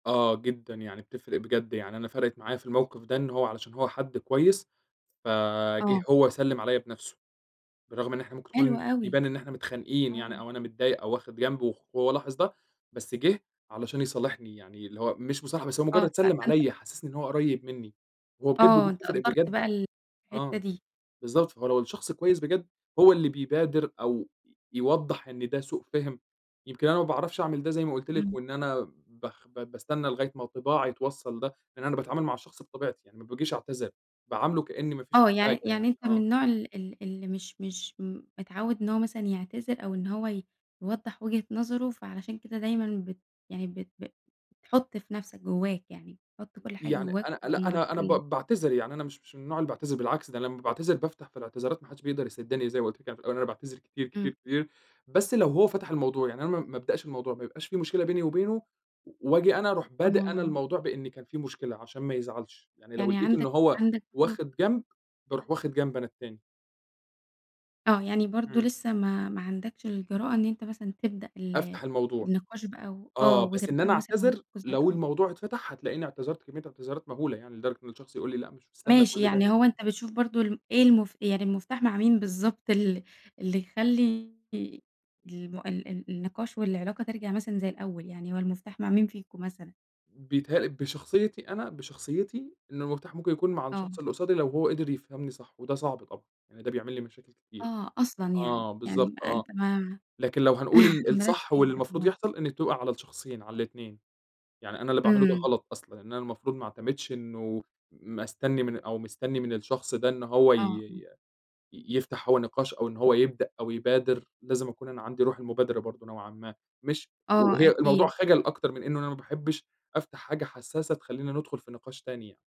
آه، جدًا يعني بتفرِق بجد، يعني أنا فرَقِت معايا في الموقف ده، إن هو علشان هو حد كويس فجِه آه. هو سلِّم عليَّ بنفْسه برغم إن إحنا ممكن حلو تكون أوي. يبان إن احنا متخانقين يعني آه. أو أنا متضايق أو واخِد جنب وخ هو لاحظ ده، بس جِه علشان يصالحني، يعني اللي هو مش مصالحة بس هو آه، مُجرّد ف سلِّم فأنت عليَّ، حسّسني إن هو قريّب منّي، هو بجد آه، دي أنت بتفرِق قدَّرت بجد، بقى الحِتّة آه دي. بالضبط، فهو لو الشخص كويس بجد هو اللي بيبادر أو يوضّح إن ده سوء فهْم. يمكن أنا ما باعرفش أعمل ده زي ما قلت لِك إمم. وإن أنا بخ ب باستنى لغاية ما طباعي توصّل، ده لأن أنا باتعامل مع شخص بطبيعتي، يعني ما باجيش أعتذر، باعامل له كأني ما فيش آه، في حاجة يعني يعني يعني. أنت من آه. النوع ال ال اللي مش مش م متعوِّد إن هو مثلًا يعتذر أو إن هو ي يوضّح وجهة نظَره، فعلشان كده دايمًا بت يعني بت ب بتحُط في نفْسك، جوّاك يعني، تحُط أ كلّ حاجة يعني جوّاك أنا لا، وما أنا أنا ب بتتكلّمش. باعتذر، يعني أنا مش مش النوع اللي باعتذر، بالعكس ده أنا لمّا باعتذر بافتَح في الإعتذارات ما حدش بيقدَر يسِدّني، زي ما قلت لِك أنا في الأول، أنا باعتذر كتير، كتير، امم. كتير، بس لو هو فتَح الموضوع، يعني أنا ما ما ابدأش الموضوع، ما يبقاش في مشكلة بيني وبينه و وآجي أنا أرُوح بادئ أنا آه. الموضوع بإن كان في مشكلة، عشان ما يزعَلش، يعني لو يعني لقيت إنه عَندك هو عَندك برضه واخِد جنب، بارُوح واخِد جنب أنا التاني. آه، يعني برضه امم. لسه ما ما عَندكش الجراءة إن أنت مثلًا تبدأ ال أفتَح الموضوع. النقاش بقى و آه، آه، بس إن أنا وترجَعوا مثلًا إنكم أعتذر تبقوا زي لو الأول. الموضوع اتفتَح هتلاقيني اعتذرت كميّة إعتذارات مهولة يعني، لدرجة إن الشخص يقول لي، لا مش مستاهلة ماشي، كل ده يعني يعني. هو [unintelligible] أنت بتشوف برضه ال إيه المف يعني المفتاح مع مين بالضبط ال اللي يخلّي الم ال ال النِقاش والعلاقة ترجَع مثلًا زي الأول، يعني هو المفتاح مع مين فيكم مثلًا؟ بتهيأ بشخصيتي أنا، بشخصيتي إن المفتاح ممكن يكون مع الشخص آه. اللي قُصادي لو هو قدِر يفهَمني صح، وده صعب طبعًا، يعني ده بيعمل لي مشاكل كتير. آه، أصلًا يعني. آه يعني بالضبط، بقى آه، أنت ما لكن لو هنقول ال ما لكش الصح يد واللي في المفروض الموضوع. يحصَل إنه تبقى على الشخصين، على الإتنين، يعني أنا اللي باعمله ده امم. غلط أصلًا، لأن أنا المفروض ما اعتمدش إنه م أستني من أو مستني من الشخص ده إن هو ي آه، امم. ي يفتَح هو النِّقاش أو إن هو يبدأ أو يبادر، لازم أكون أنا عَندي رُوح المبادرة برضه نوعًا ما، مش آه وهي الموضوع أكيد. خجَل أكتر من إنه أنا ما باحبش أفتح حاجة حسّاسة تخلّينا ندخُل في نِقاش تاني يعني.